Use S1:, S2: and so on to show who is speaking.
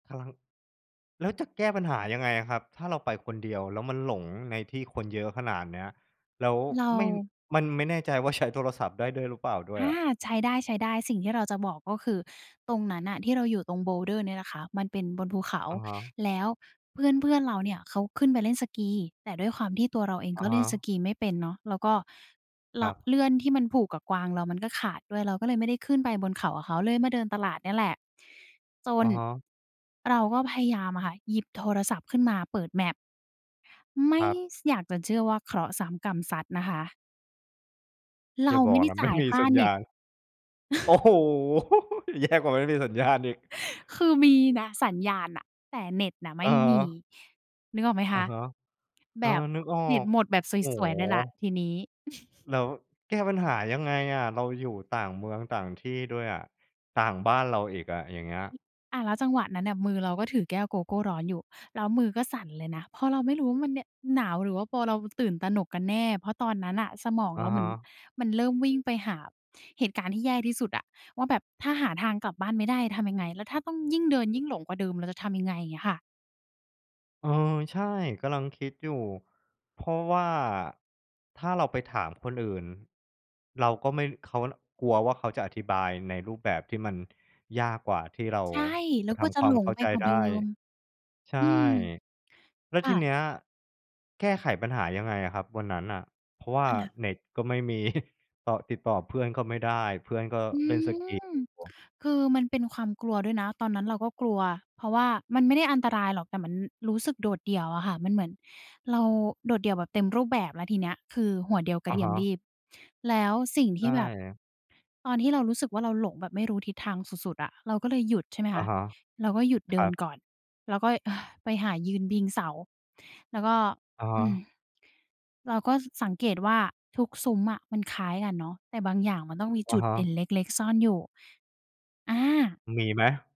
S1: ครับ แล้วจะแก้ปัญหายังไงอะครับ? ถ้าเราไปคนเดียว แล้วมันหลงในที่ คนเยอะขนาดเนี้ย แล้ว
S2: เร
S1: ไม่
S2: า
S1: มันไม่แน่ใจว่า ใช้ โทรศัพท์ได้ด้วยหรือเปล่าด้
S2: อ
S1: วย
S2: า
S1: อะ?
S2: ใช้ได้ ๆ สิ่งที่เราจะบอก ก็คือตรงนั้นน่ะที่เราอยู่ตรง Boulder เนี่ยนะคะ มันเป็นบนภูเขา
S1: อะฮะ
S2: แล้วเพื่อน ๆ เราเนี่ยเขาขึ้นไปเล่นสกี แต่ด้วยความที่ตัวเราเอง
S1: อ
S2: ก
S1: ะ
S2: ็
S1: ฮ
S2: เล่นส
S1: ะ
S2: กีไม่เป็นเนาะ แล้วก็ ล
S1: ครับ
S2: เลื่อนที่มันผูกกับกวางเรามันก็ขาดด้วย เราก็เลยไม่ได้ขึ้นไปบนเขากับเขา เลยมาเดินตลาดเนี่ยแหละ จ
S1: อ
S2: น
S1: ะฮะ
S2: เราก็พยายามอะค่ะ หยิบโทรศัพท์ขึ้นมาเปิด map ไม่
S1: ครับ
S2: ส อยากจะเชื่อว่า เคราะห์ซ้ำกรรมซัดนะคะ เร
S1: อย่
S2: า
S1: าบ
S2: ไม
S1: อ
S2: ่
S1: ก
S2: ได้
S1: นะ
S2: จ
S1: ไม
S2: ่
S1: ่
S2: าย
S1: มี
S2: ค่า
S1: สัญ
S2: เ
S1: ญ
S2: น็
S1: า
S2: ต
S1: ณ โอ้โฮ! แย่กว่าไม่มีสัญญาณอีก
S2: คือมีนะสัญญาณน่ะ แต่เน็ตน่ะไม
S1: อ
S2: ่
S1: ะฮ
S2: มี
S1: ะ
S2: นึกออกไหมค
S1: อะ
S2: ะ?
S1: ฮะ เอ
S2: แบ
S1: อ
S2: บ
S1: นึกออ
S2: เน็ต
S1: ก
S2: หมดแบบ
S1: โอ้
S2: ส
S1: โ
S2: วย ๆ เลยแหละ
S1: ฮ
S2: ทีนี้
S1: แล้วแก้ปัญหายังไงอะ? เราอยู่ต่างเมืองต่างที่ด้วยอะ ต่างบ้านเราอีกอะ อย่างเงี้ย
S2: อะ แล้วจังหวะนั้นเนี่ยมือเราก็ถือแก้วโกโก้ร้อนอยู่ แล้วมือก็สั่นเลยนะ เพราะเราไม่รู้ว่ามันเนี่ย หนาว หรือว่าพอเราตื่นตระหนกกันแน่ เพราะตอนนั้นน่ะสมอง
S1: อะ
S2: เราเห
S1: ฮ
S2: มือน
S1: ะ
S2: มันเริ่มวิ่งไปหาเหตุการณ์ที่แย่ที่สุดอะ ว่าแบบ ถ้าหาทางกลับบ้านไม่ได้ทำยังไง? แล้วถ้าต้อง ยิ่งเดินยิ่งหลงกว่าเดิม เราจะทำยังไง? เงี้ยค่ะ
S1: เออ ใช่ กำลังคิดอยู่ เพราะว่าถ้าเราไปถามคนอื่น เราก็ไม่ เขา ล กลัวว่าเขาจะอธิบายในรูปแบบที่มันยากกว่าที่เรา
S2: ใช่ แล
S1: จ
S2: ้
S1: ะ
S2: ว
S1: ท
S2: ก็จ
S1: ำ
S2: ะ
S1: คว
S2: ห
S1: า
S2: ล
S1: ม
S2: ง
S1: เข้า
S2: ไป
S1: ใจ
S2: กว่า
S1: ได
S2: เด
S1: ้
S2: ิม
S1: ใช่
S2: อืม
S1: แล้ว
S2: ค
S1: ท
S2: ่
S1: ี
S2: ะ
S1: เนี้ยแก้ไขปัญหายังไงอะครับวันนั้นน่ะ? เพราะว่า
S2: ค่ะ
S1: เน็ตก็ไม่ มี ต่อ ติดต่อเพื่อนก็ไม่ได้ เพื่อนก็
S2: อื
S1: เล่นสกี
S2: ม
S1: อยู่
S2: คือมันเป็นความกลัวด้วยนะ ตอนนั้นเราก็กลัว เพราะว่า มันไม่ได้อันตรายหรอก แต่มันรู้สึกโดดเดี่ยวอะค่ะ มันเหมือนเราโดดเดี่ยวแบบเต็มรูปแบบ แล้วทีเนี้ย คือหัวเดียวกร
S1: อ
S2: ะ
S1: ะ
S2: เที
S1: ฮ
S2: ยม
S1: ะ
S2: ลีบ แล้วสิ่ง
S1: ใ
S2: ท
S1: ช
S2: ี่แบบ
S1: ่
S2: ตอนที่เรารู้สึกว่า เราหลงแบบไม่รู้ทิศทางสุด ๆ อะ เราก็เลยหยุด ใช่ไหม
S1: อ
S2: ค
S1: ะ
S2: ะ
S1: ฮะ
S2: เราก็หยุดเ
S1: ค
S2: ด
S1: ร
S2: ิ
S1: ั
S2: น
S1: บ
S2: ก่อน แล้วก็ ไปหายืนพิง เสา แล้วก็
S1: อะฮ
S2: อืม
S1: ะ
S2: เราก็ ส สังเกตว่า ทุกซุ้มอะมันคล้ายกันเนาะ แต่บางอย่างมันต้องมี
S1: อ
S2: จ
S1: ะ
S2: ุด
S1: ฮ
S2: เด
S1: ะ
S2: ่นเล็ก ๆ ซ่อนอยู่ อา
S1: มีไหม?